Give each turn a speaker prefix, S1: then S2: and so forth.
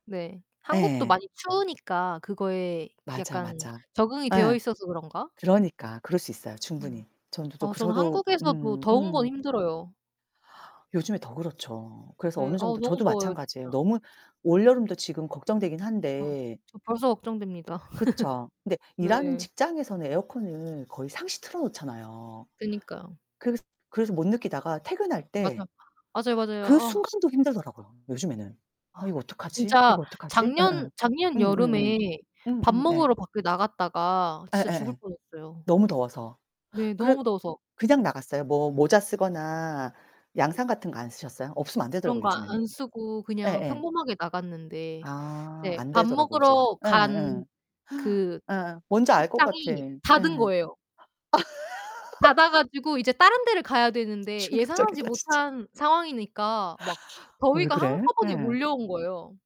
S1: 네. 한국도
S2: 예.
S1: 많이 추우니까 그거에
S2: 맞아,
S1: 약간
S2: 맞아.
S1: 적응이 되어
S2: 예.
S1: 있어서 그런가?
S2: 그러니까. 그럴 수 있어요,
S1: 음.
S2: 충분히. 저는
S1: 아
S2: 쪼끔
S1: 저는
S2: 저도
S1: 한국에서도
S2: 음
S1: 더운 건
S2: 음.
S1: 힘들어요.
S2: 요즘에 더 그렇죠. 그래서
S1: 네.
S2: 어느
S1: 아우
S2: 정도
S1: 너무
S2: 저도
S1: 더워요,
S2: 마찬가지예요.
S1: 진짜.
S2: 너무 올여름도 지금 걱정되긴
S1: 어.
S2: 한데
S1: 저 벌써 걱정됩니다.
S2: 그쵸. 근데 일하는
S1: 네.
S2: 직장에서는 에어컨을 거의 상시 틀어 놓잖아요.
S1: 그니까요.
S2: 그 그래서 못 느끼다가 퇴근할 때
S1: 맞아. 맞아요, 맞아요.
S2: 그
S1: 아.
S2: 순간도 힘들더라고요, 요즘에는. '아,
S1: 아.
S2: 이거 어떡하지?
S1: 진짜
S2: 이거 어떡하지?'
S1: 작년
S2: 음음.
S1: 작년 여름에
S2: 음음음.
S1: 밥
S2: 음음 네.
S1: 먹으러 밖에 나갔다가 진짜 죽을
S2: 예예예.
S1: 뻔했어요.
S2: 너무 더워서.
S1: 네,
S2: 그
S1: 너무 더워서.
S2: 그냥 나갔어요. 뭐 모자 쓰거나 양산 같은 거 안 쓰셨어요? 없으면 안
S1: 그런
S2: 되더라고요
S1: 거
S2: 요즘에는.
S1: 안 쓰고 그냥
S2: 예예.
S1: 평범하게 나갔는데
S2: 아
S1: 이제 밥
S2: 안되더라고 이젠.
S1: 먹으러
S2: 예예.
S1: 간 그
S2: 예. 뭔지 알 것 같아.
S1: 식당이
S2: 예.
S1: 닫은 거예요. 닫아 가지고 이제 다른 데를 가야 되는데 예상하지
S2: 충격적이다, 진짜.
S1: 못한 상황이니까 막
S2: 어 왜
S1: 더위가
S2: 그래?
S1: 한꺼번에
S2: 예.
S1: 몰려온 거예요.